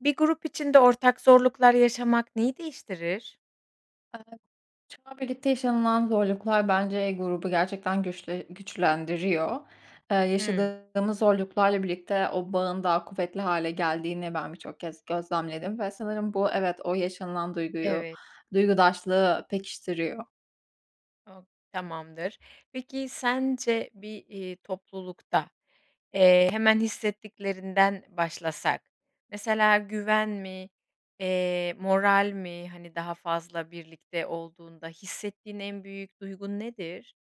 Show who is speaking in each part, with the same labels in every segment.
Speaker 1: Bir grup içinde ortak zorluklar yaşamak neyi değiştirir?
Speaker 2: Eee, şu an birlikte yaşanılan zorluklar bence grubu gerçekten güçle güçlendiriyor. Eee,
Speaker 1: Hıı.
Speaker 2: yaşadığımız zorluklarla birlikte o bağın daha kuvvetli hâle geldiğini ben birçok kez gözlemledim ve sanırım bu evet o yaşanılan duyguyu,
Speaker 1: Evet.
Speaker 2: duygudaşlığı pekiştiriyor.
Speaker 1: [unintelligible] Tamamdır. Peki sence bir, eee, toplulukta, eee, hemen hissettiklerinden başlasak mesela güven mi, eee, moral mi, hani, daha fazla birlikte olduğunda hissettiğin en büyük duygun nedir?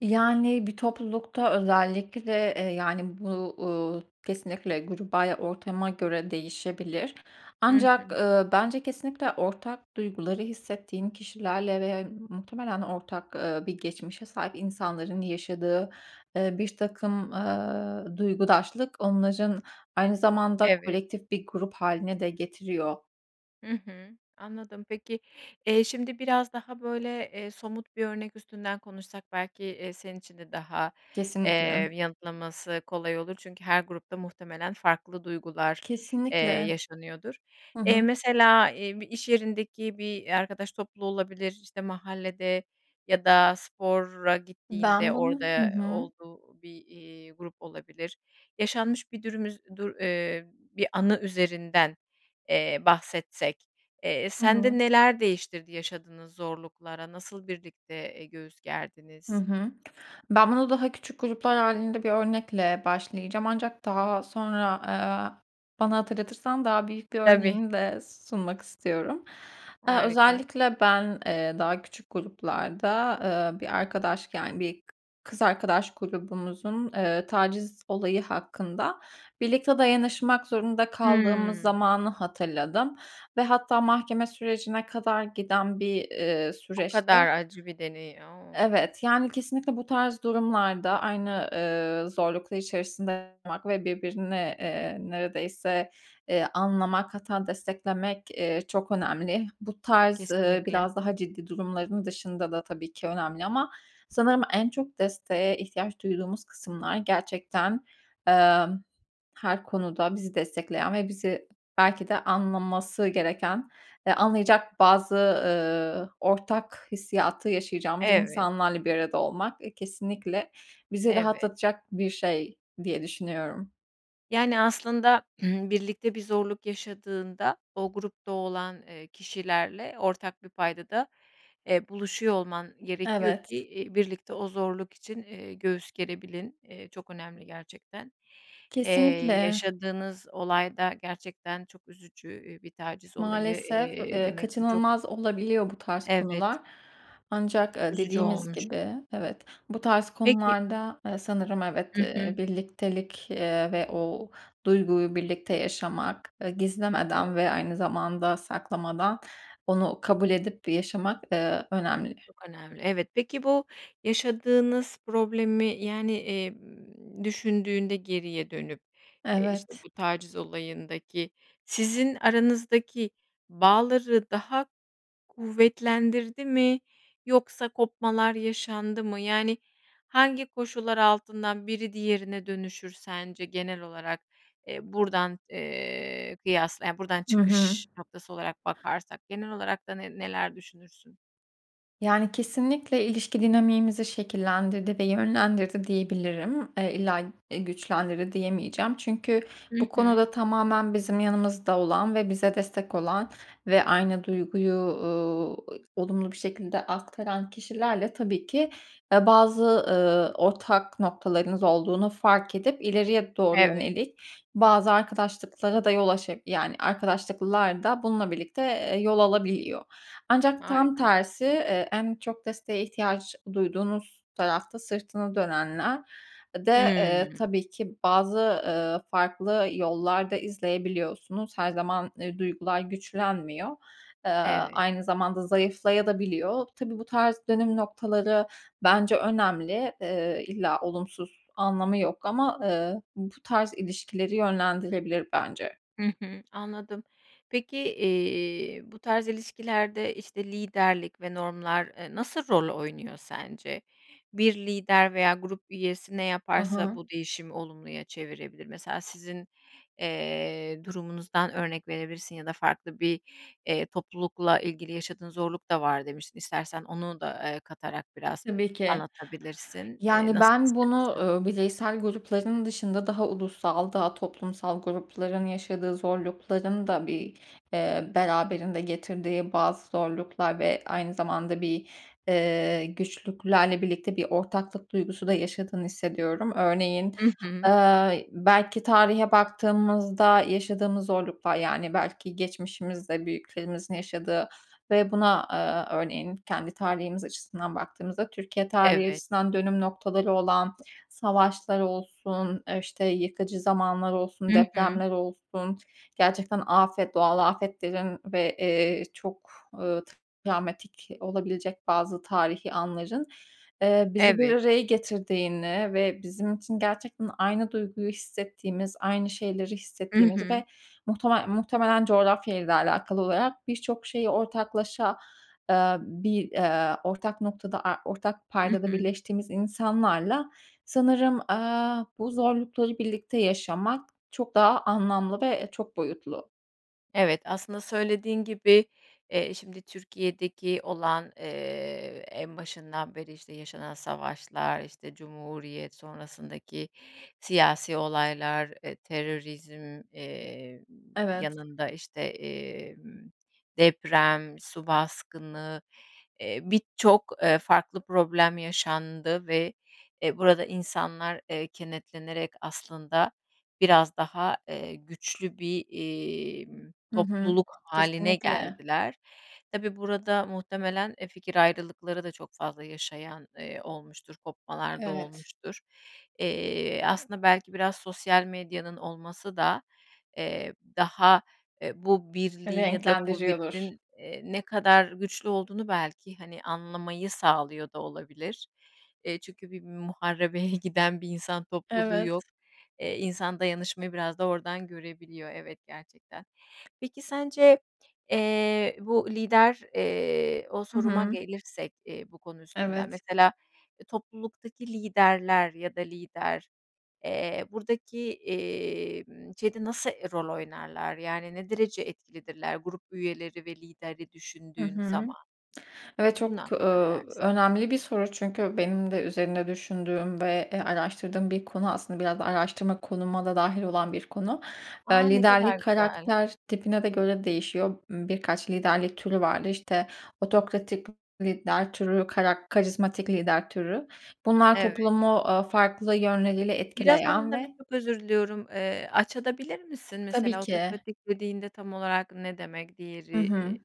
Speaker 2: Yani, bir toplulukta özellikle de, eee, yani, bu, uuu, kesinlikle gruba ya ortama göre değişebilir.
Speaker 1: Hı
Speaker 2: Ancak,
Speaker 1: hı.
Speaker 2: ııı, bence kesinlikle ortak duyguları hissettiğin kişilerle ve ya muhtemelen ortak, eee, bir geçmişe sahip insanların yaşadığ,ı ııı, birtakım, ııı, duygudaşlık onların aynı zamanda
Speaker 1: Evet.
Speaker 2: kolektif bir grup hâline de getiriyor.
Speaker 1: Hı hı. Anladım, peki, eee, şimdi biraz daha, böyle, eee, somut bir örnek üstünden konuşsak belki, eee, senin için de daha,
Speaker 2: Kesinlikle.
Speaker 1: eee, m yanıtlaması kolay olur çünkü her grupta muhtemelen farklı duygular, eee,
Speaker 2: Kesinlikle.
Speaker 1: yaşanıyordur.
Speaker 2: Hı
Speaker 1: Eee,
Speaker 2: hı.
Speaker 1: mesela, eee, bir iş yerindeki bir, eee, arkadaş topluluğu olabilir, işte, mahallede ya da spora gittiğinde
Speaker 2: Ben bunu
Speaker 1: orada,
Speaker 2: Hı
Speaker 1: eee,
Speaker 2: hı.
Speaker 1: olduğu bir, eee, grup olabilir. Yaşanmış bir dürüm üz dur, eee, bir anı üzerinden, eee, bahsetsek, eee,
Speaker 2: Hı hı.
Speaker 1: sende neler değiştirdi yaşadığınız zorluklara, nasıl birlikte, eee, göğüs
Speaker 2: Hı
Speaker 1: gerdiniz?
Speaker 2: hı. Ben bunu daha küçük gruplar hâlinde bir örnekle başlayacağım ancak daha sonra, aaa, bana hatırlatırsan daha büyük bir
Speaker 1: Tabii.
Speaker 2: örneğimi de sunmak istiyorum. Eee,
Speaker 1: Harika.
Speaker 2: özellikle ben, eee, daha küçük gruplarda, eee, bir arkadaş, yani, bir kız arkadaş grubumuzun, eee, taciz olayı hakkında birlikte dayanışmak zorunda kaldığımız
Speaker 1: Hımm.
Speaker 2: zamanı hatırladım ve hatta mahkeme sürecine kadar giden bir, eee,
Speaker 1: O
Speaker 2: süreçte
Speaker 1: kadar acı bir deney, o!
Speaker 2: Evet, yani, kesinlikle bu tarz durumlarda aynı, eee, zorluklar içerisinde olmak ve birbirine, eee, neredeyse, eee, anlamak, hatta desteklemek, eee, çok önemli. Bu tarz, ııı,
Speaker 1: Kesinlikle.
Speaker 2: biraz daha ciddi durumların dışında da tabii ki önemli ama sanırım en çok desteğe ihtiyaç duyduğumuz kısımlar gerçekten, emm, her konuda bizi destekleyen ve bizi belki de anlaması gereken, eee, anlayacak bazı, ııı, ortak hissiyatı yaşayacağımız
Speaker 1: Evet.
Speaker 2: insanlarla bir arada olmak, eee, kesinlikle bizi
Speaker 1: Evet.
Speaker 2: rahatlatacak bir şey diye düşünüyorum.
Speaker 1: Yani, aslında birlikte bir zorluk yaşadığında o grupta olan, eee, kişilerle ortak bir payda da, eee, buluşuyor olman gerekiyor ki,
Speaker 2: Evet.
Speaker 1: eee, birlikte o zorluk için, eee, göğüs gerebilin. Eee, çok önemli gerçekten. Eee,
Speaker 2: Kesinlikle.
Speaker 1: yaşadığınız olay da gerçekten çok üzücü, eee, bir taciz olayı,
Speaker 2: Maalesef,
Speaker 1: eee,
Speaker 2: eee,
Speaker 1: demek ki çok.
Speaker 2: kaçınılmaz olabiliyor bu tarz
Speaker 1: Evet.
Speaker 2: konular. Ancak, eee,
Speaker 1: Üzücü
Speaker 2: dediğimiz
Speaker 1: olmuş.
Speaker 2: gibi evet bu tarz
Speaker 1: Peki
Speaker 2: konularda, eee, sanırım evet,
Speaker 1: Hı
Speaker 2: eee,
Speaker 1: hı.
Speaker 2: birliktelik, eee, ve o duyguyu birlikte yaşamak, eee, gizlemeden
Speaker 1: Evet.
Speaker 2: ve aynı zamanda saklamadan onu kabul edip yaşamak, eee, önemli.
Speaker 1: Çok önemli. Evet, peki, bu yaşadığınız problemi, yani, emm, düşündüğünde geriye dönüp, eee, işte
Speaker 2: Evet.
Speaker 1: bu taciz olayındaki sizin aranızdaki bağları daha kuvvetlendirdi mi yoksa kopmalar yaşandı mı? Yani, hangi koşullar altından biri diğerine dönüşür sence genel olarak, eee, buradan, eee, kıyasla, yani, buradan
Speaker 2: Hı hı.
Speaker 1: çıkış noktası olarak bakarsak genel olarak da ne neler düşünürsün?
Speaker 2: Yani, kesinlikle ilişki dinamiğimizi şekillendirdi ve yönlendirdi diyebilirim. Eee, illa, eee, güçlendirdi diyemeyeceğim. Çünkü
Speaker 1: Hı
Speaker 2: bu
Speaker 1: hı.
Speaker 2: konuda tamamen bizim yanımızda olan ve bize destek olan ve aynı duyguyu, ııı, olumlu bir şekilde aktaran kişilerle tabii ki, eee, bazı, eee, ortak noktalarınız olduğunu fark edip ileriye doğru
Speaker 1: Evet.
Speaker 2: yönelik bazı arkadaşlıklara da yol aşa yani, arkadaşlıklar da bununla birlikte, eee, yol alabiliyor. Ancak tam
Speaker 1: Harika.
Speaker 2: tersi, eee, en çok desteğe ihtiyaç duyduğunuz tarafta sırtını dönenler de,
Speaker 1: Hıı.
Speaker 2: eee, tabii ki bazı, ııı, farklı yollar da izleyebiliyorsunuz. Her zaman, eee, duygular güçlenmiyor. Eee,
Speaker 1: Evet.
Speaker 2: aynı zamanda zayıflaya da biliyor. Tabii bu tarz dönüm noktaları bence önemli, eee, illa olumsuz anlamı yok ama, eee, bu tarz ilişkileri yönlendirilebilir bence.
Speaker 1: Hı hı, anladım. Peki, eee, bu tarz ilişkilerde işte liderlik ve normlar, eee, nasıl rol oynuyor sence? Bir lider veya grup üyesi ne
Speaker 2: Hı
Speaker 1: yaparsa
Speaker 2: hı.
Speaker 1: bu değişimi olumluya çevirebilir? Mesela sizin, eee, durumunuzdan örnek verebilirsin ya da farklı bir, eee, toplulukla ilgili yaşadığın zorluk da var demiştin istersen onu da, eee, katarak biraz
Speaker 2: Tabii ki.
Speaker 1: anlatabilirsin. Eee,
Speaker 2: Yani,
Speaker 1: nasıl
Speaker 2: ben bunu
Speaker 1: istersen?
Speaker 2: eee, bireysel grupların dışında daha ulusal daha toplumsal grupların yaşadığı zorlukların da bir, eee, beraberinde getirdiği bazı zorluklar ve aynı zamanda bir, eee, güçlüklerle birlikte bir ortaklık duygusu da yaşadığını hissediyorum. Örneğin,
Speaker 1: Hı hı.
Speaker 2: ııı, belki tarihe baktığımızda yaşadığımız zorluklar, yani, belki geçmişimizde büyüklerimizin yaşadığı ve buna, aaa, örneğin kendi tarihimiz açısından baktığımızda Türkiye tarihi
Speaker 1: Evet.
Speaker 2: açısından dönüm noktaları olan, savaşlar olsun, e, işte yıkıcı zamanlar olsun,
Speaker 1: Hı hı.
Speaker 2: depremler olsun, gerçekten afet, doğal afetlerin ve, ııı, çok, eee, travmatik olabilecek bazı tarihî anların, eee, bizi bir
Speaker 1: Evet.
Speaker 2: araya getirdiğini ve bizim için gerçekten aynı duyguyu hissettiğimiz, aynı şeyleri
Speaker 1: Hı
Speaker 2: hissettiğimiz
Speaker 1: hı.
Speaker 2: ve muhtemel muhtemelen coğrafyayla da alakalı olarak birçok şeyi ortaklaşa, ııı, bir, eee, ortak noktada, a ortak
Speaker 1: Hı
Speaker 2: paydada
Speaker 1: hı.
Speaker 2: birleştiğimiz insanlarla sanırım, aaa, bu zorlukları birlikte yaşamak çok daha anlamlı ve e, çok boyutlu.
Speaker 1: Evet, aslında, söylediğin gibi, eee, şimdi Türkiye'deki olan, eee, en başından beri, işte, yaşanan savaşlar, işte, Cumhuriyet sonrasındaki siyasi olaylar, eee, terörizm, eee,
Speaker 2: Evet.
Speaker 1: yanında, işte, emm, deprem, su baskını, eee, birçok, eee, farklı problem yaşandı ve, eee, burada insanlar, eee, kenetlenerek aslında biraz daha, eee, güçlü bir, imm,
Speaker 2: Hı hı.
Speaker 1: topluluk hâline
Speaker 2: Kesinlikle.
Speaker 1: geldiler. Tabii, burada muhtemelen, eee, fikir ayrılıkları da çok fazla yaşayan, eee, olmuştur, kopmalarda
Speaker 2: Evet.
Speaker 1: olmuştur. Eee, aslında, belki biraz sosyal medyanın olması da, eee, daha, eee, bu birliğin ya da
Speaker 2: Renklendiriyordur.
Speaker 1: kuvvetin, eee, ne kadar güçlü olduğunu, belki, hani, anlamayı sağlıyor da olabilir. Eee, çünkü bir muharebeye giden bir insan topluluğu
Speaker 2: Evet.
Speaker 1: yok. Eee, insan dayanışmayı biraz da oradan görebiliyor, evet, gerçekten. Peki, sence, eee, bu lider, eee, o
Speaker 2: Hı
Speaker 1: soruma
Speaker 2: hı.
Speaker 1: gelirsek, eee, bu konu üstünden,
Speaker 2: Evet.
Speaker 1: mesela, eee, topluluktaki liderler ya da lider, eee, buradaki, emm, şeyde nasıl e rol oynarlar? Yani, ne derece etkilidirler? Grup üyeleri ve lideri
Speaker 2: HI
Speaker 1: düşündüğün
Speaker 2: hı.
Speaker 1: zaman?
Speaker 2: Evet,
Speaker 1: Bunun
Speaker 2: çok,
Speaker 1: hakkında ne
Speaker 2: ööö,
Speaker 1: dersin?
Speaker 2: önemli bir soru çünkü benim de üzerinde düşündüğüm ve, eee, araştırdığım bir konu, aslında biraz da araştırma konuma da dâhil olan bir konu.
Speaker 1: A!
Speaker 2: Eee,
Speaker 1: Ne
Speaker 2: liderlik
Speaker 1: kadar güzel.
Speaker 2: karakter tipine de göre değişiyor. M birkaç liderlik türü vardır işte otokratik lider türü, karak karizmatik lider türü. Bunlar
Speaker 1: Evet.
Speaker 2: toplumu, aaa, farklı yönleriyle
Speaker 1: Biraz
Speaker 2: etkileyen
Speaker 1: onları,
Speaker 2: ve
Speaker 1: çok özür diliyorum, eee, açabilir misin de?
Speaker 2: Tabii
Speaker 1: Mesela,
Speaker 2: ki.
Speaker 1: otokratik dediğinde tam olarak ne demek?
Speaker 2: Hı
Speaker 1: Diğeri i
Speaker 2: hı.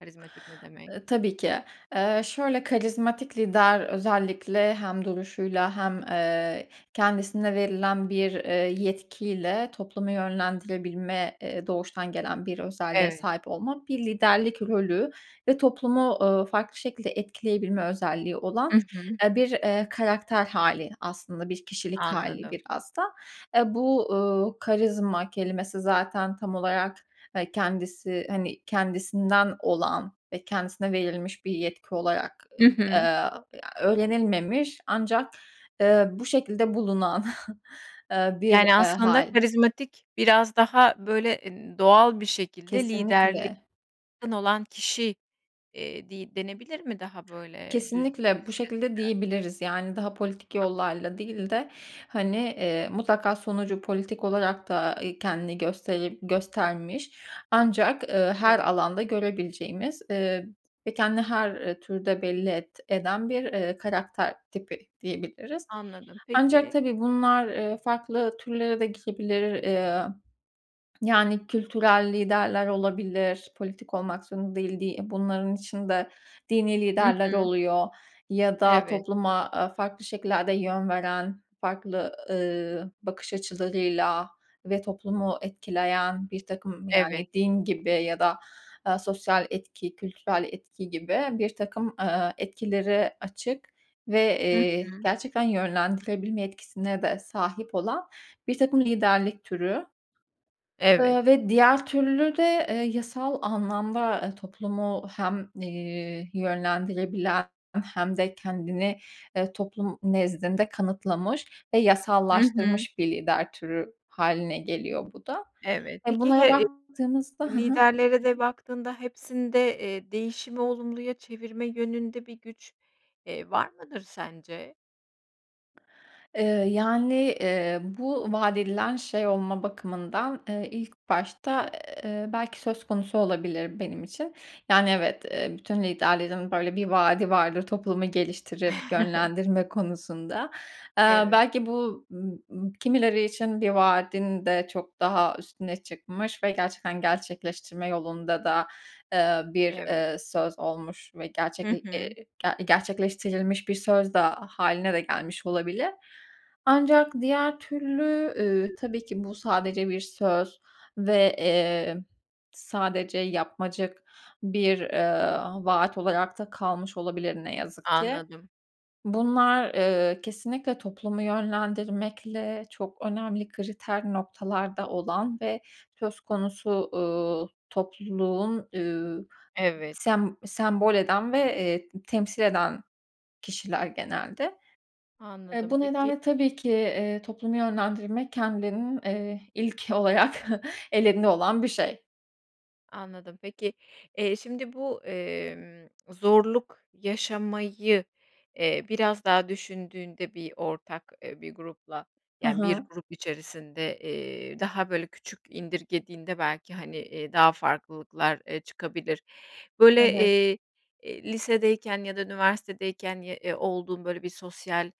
Speaker 1: karizmatik ne demek?
Speaker 2: Eee, tabii ki. Eee, şöyle, karizmatik lider özellikle hem duruşuyla hem, eee, kendisine verilen bir, eee, yetkiyle toplumu yönlendirebilme, eee, doğuştan gelen bir özelliğe
Speaker 1: Evet.
Speaker 2: sahip olmak bir liderlik rolü ve toplumu, ııı, farklı şekilde etkileyebilme özelliği olan,
Speaker 1: Hı hı.
Speaker 2: eee, bir, eee, karakter hâli aslında, bir kişilik hâli
Speaker 1: Anladım.
Speaker 2: biraz da. Aaa, bu, ııı, karizma kelimesi zaten tam olarak, eee, kendisi, hani, kendisinden olan ve kendisine verilmiş bir yetki olarak
Speaker 1: Hı
Speaker 2: ı
Speaker 1: hı.
Speaker 2: a eee, öğrenilmemiş ancak, eee, bu şekilde bulunan, eee, bir,
Speaker 1: Yani,
Speaker 2: eee,
Speaker 1: aslında,
Speaker 2: hâl.
Speaker 1: karizmatik biraz daha böyle, e n doğal bir şekilde liderliğe
Speaker 2: Kesinlikle.
Speaker 1: yakın olan kişi, eee, di denebilir mi daha böyle, eee, düz bir
Speaker 2: Kesinlikle bu
Speaker 1: şeyle
Speaker 2: şekilde
Speaker 1: söylersek.
Speaker 2: diyebiliriz. Yani, daha politik
Speaker 1: Tamam.
Speaker 2: yollarla değil de, hani, eee, mutlaka sonucu politik olarak da, eee, kendini gösterip göstermiş ancak, eee, her
Speaker 1: Evet.
Speaker 2: alanda görebileceğimiz, ııı, ve kendini her, eee, türde belli et eden bir, eee, karakter tipi diyebiliriz.
Speaker 1: Anladım.
Speaker 2: Ancak,
Speaker 1: Peki.
Speaker 2: tabii, bunlar, eee, farklı türlere de gidebilir. Eee, yani, kültürel liderler olabilir, politik olmak zorunda değil di i bunların içinde dini
Speaker 1: Hı
Speaker 2: liderler
Speaker 1: hı,
Speaker 2: oluyor ya da
Speaker 1: Evet.
Speaker 2: topluma a farklı şekillerde yön veren, farklı, ııı, bakış açılarıyla ve toplumu etkileyen birtakım,
Speaker 1: Evet.
Speaker 2: yani, din gibi ya da, eee, sosyal etki, kültürel etki gibi birtakım, eee, etkileri açık ve,
Speaker 1: Hı
Speaker 2: eee,
Speaker 1: hı.
Speaker 2: gerçekten yönlendirebilme etkisine de sahip olan birtakım liderlik türü
Speaker 1: Evet.
Speaker 2: eee, ve diğer türlü de, eee, yasal anlamda toplumu hem, iii, yönlendirebilen hem de kendini, eee, toplum nezdinde kanıtlamış ve
Speaker 1: Hı hı.
Speaker 2: yasallaştırmış bir lider türü hâline geliyor bu da.
Speaker 1: Evet,
Speaker 2: E
Speaker 1: peki he
Speaker 2: bunlara
Speaker 1: e,
Speaker 2: baktığımızda ha ha.
Speaker 1: liderlere de baktığında hepsinde, eee, değişimi olumluya çevirme yönünde bir güç, eee, var mıdır sence?
Speaker 2: Eee, yani, eee, bu vaat edilen şey olma bakımından, eee, ilk başta, eee, belki söz konusu olabilir benim için. Yani, evet, eee, bütün liderlerin böyle bir vaadi vardır toplumu geliştirip yönlendirme konusunda. Eee,
Speaker 1: Evet.
Speaker 2: belki bu, ım ım kimileri için bir vaadin de çok daha üstüne çıkmış ve gerçekten gerçekleştirme yolunda da, eee, bir,
Speaker 1: Evet.
Speaker 2: eee, söz olmuş ve
Speaker 1: Hı
Speaker 2: gerçekle e
Speaker 1: hı.
Speaker 2: ge gerçekleştirilmiş bir söz da hâline de gelmiş olabilir. Ancak diğer türlü, ııı, tabii ki bu sadece bir söz ve, eee, sadece yapmacık bir, eee, vaat olarak da kalmış olabilir ne yazık ki.
Speaker 1: Anladım.
Speaker 2: Bunlar, eee, kesinlikle toplumu yönlendirmekle çok önemli kriter noktalarda olan ve söz konusu, uuu, topluluğun, üüü,
Speaker 1: Evet.
Speaker 2: sem sembol eden ve, eee, temsil eden kişiler genelde. Eee,
Speaker 1: Anladım
Speaker 2: bu
Speaker 1: peki
Speaker 2: nedenle tabii ki, iii, toplumu yönlendirmek kendilerinin, eee, ilk olarak ellerinde olan bir şey.
Speaker 1: Anladım. Peki, eee, şimdi bu, emm, zorluk yaşamayı, eee, biraz daha düşündüğünde bir ortak, eee, bir grupla
Speaker 2: Hı
Speaker 1: yani bir
Speaker 2: hı.
Speaker 1: grup içerisinde, eee, daha böyle küçük indirgediğinde belki hani, eee, daha farklılıklar, eee, çıkabilir. Böyle,
Speaker 2: Evet.
Speaker 1: eee, eee, lisedeyken ya da üniversitedeyken ye, ııı, olduğun böyle bir sosyal,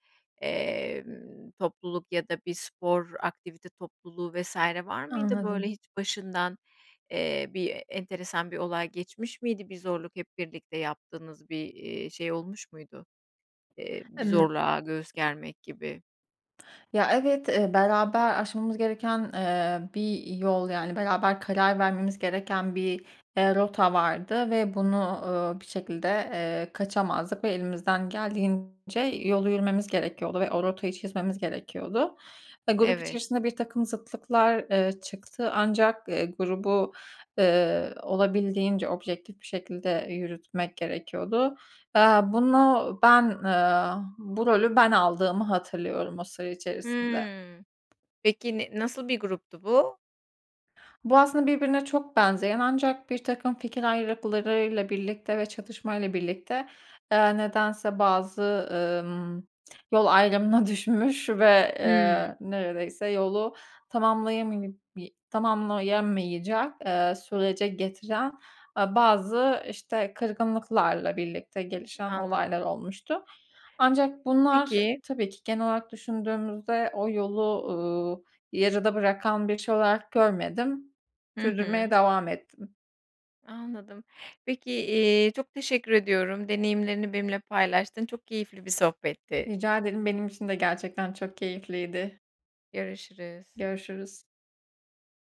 Speaker 1: emm, topluluk ya da bir spor aktivite topluluğu vs. var mıydı? Böyle
Speaker 2: Anladım.
Speaker 1: hiç başından, eee, bir enteresan bir olay geçmiş miydi, bir zorluk hep birlikte yaptığınız bir, iii, şey olmuş muydu? Eee, bir
Speaker 2: Imm.
Speaker 1: zorluğa göğüs germek gibi.
Speaker 2: Ya evet, eee, beraber aşmamız gereken, eee, bir yol yani beraber karar vermemiz gereken bir, eee, rota vardı ve bunu, ııı, bir şekilde, eee, kaçamazdık ve elimizden geldiğince yolu yürümemiz gerekiyordu ve o rotayı çizmemiz gerekiyordu. Eee, grup
Speaker 1: Evet.
Speaker 2: içerisinde birtakım zıtlıklar, ııı, çıktı ancak, eee, grubu, ııı, olabildiğince objektif bir şekilde yürütmek gerekiyordu. Eee, bunu ben, eee, bu rolü ben aldığımı hatırlıyorum o süre içerisinde.
Speaker 1: Hı. Peki ne, nasıl bir gruptu bu?
Speaker 2: Bu aslında birbirine çok benzeyen ancak birtakım fikir ayrılıklarıyla birlikte ve çatışmayla birlikte, eee, nedense bazı, ımm, yol ayrımına düşmüş ve,
Speaker 1: Hı.
Speaker 2: eee, neredeyse yolu tamamlayama bi tamamlayamayacak, eee, sürece getiren, eee, bazı işte kırgınlıklarla birlikte gelişen olaylar
Speaker 1: Anladım.
Speaker 2: olmuştu. Ancak bunlar
Speaker 1: Peki.
Speaker 2: tabii ki genel olarak düşündüğümüzde o yolu, ııı, yarıda bırakan bir şey olarak görmedim.
Speaker 1: Hı
Speaker 2: Sürdürmeye
Speaker 1: hı.
Speaker 2: devam ettim.
Speaker 1: Anladım. Peki, eee, çok teşekkür ediyorum deneyimlerini benimle paylaştın. Çok keyifli bir sohbetti.
Speaker 2: Rica ederim. Benim için de gerçekten çok keyifliydi.
Speaker 1: Görüşürüz.
Speaker 2: Görüşürüz.